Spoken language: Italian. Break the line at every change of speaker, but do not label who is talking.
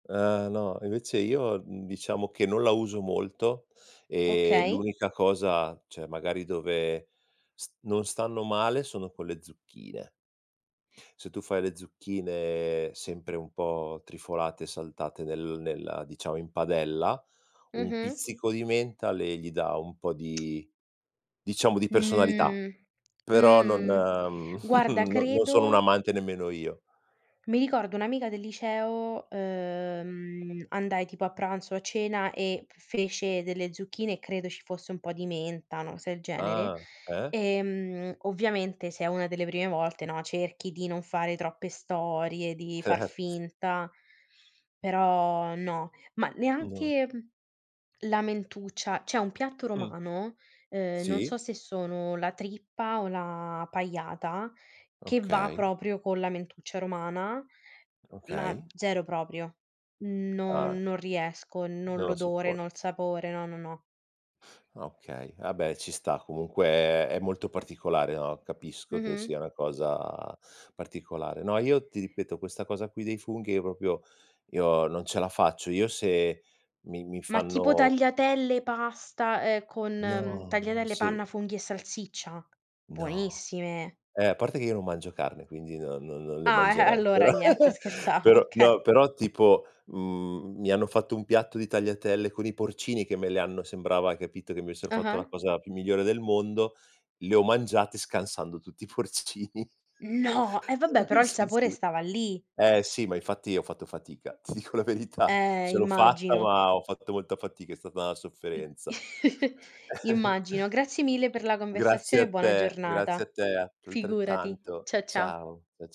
Eh no, invece io, mhmm, diciamo che non la uso molto, e
Okay.
l'unica cosa, cioè magari dove s non stanno male, sono con le zucchine. Se tu fai le zucchine sempre un po' trifolate, saltate nel nella diciamo in padella, un
Mh-mh.
pizzico di menta, le gli dà un po' di, diciamo di personalità,
Mh,
però non
mh, guarda,
non sono un
credo
amante nemmeno io.
Mi ricordo un'amica del liceo, ehm, andai tipo a pranzo o a cena, e fece delle zucchine e credo ci fosse un po' di menta, una cosa del genere,
Ah, eh?
ehm, ovviamente se è una delle prime volte, no, cerchi di non fare troppe storie, di far
Cert
finta, però no. Ma
No.
neanche la mentuccia, c'è un piatto
Mh.
romano, ehm, non
Sì.
so se sono la trippa o la pajata, che va
Okay.
proprio con la mentuccia romana, ma
Okay.
0 proprio.
Ah.
Non non riesco, no
Non lo
l'odore,
sopporti.
no il sapore, no, no, no.
Ah okay, vabbè ci sta, comunque è molto particolare, no, capisco che sia
Mh-mh.
una cosa particolare. No, io ti ripeto, questa cosa qui dei funghi, io proprio io non ce la faccio, io se mi mi
Ma tipo
fanno
tagliatelle, pasta, ehm, con
No, ma
tagliatelle
se
panna, funghi e salsiccia?
No.
Buonissime.
Eh, a parte che io non mangio carne, quindi non non non le
Ah, e
mangerei,
allora
però
niente, scherzavo,
però no,
okay.
però tipo, mhmm, mi hanno fatto un piatto di tagliatelle con i porcini, che me le hanno sembrava, hai capito, che mi avessero fatto
Ah-ah.
la cosa più migliore del mondo, le ho mangiate, scansando tutti i porcini.
No, e vabbè, però il
Si,
sapore
si.
stava lì.
Eh sì, ma infatti ho fatto fatica, ti dico la verità,
Eh,
ce l'ho fatta,
immagino.
ma ho fatto molta fatica, è stata
I
sofferenza.
immagino. Grazie mille per la
Grazie
conversazione e
a
buona
te, grazie a
giornata.
te atr
Figurati,
altrettanto.
cia ciao.
Ciao, cia c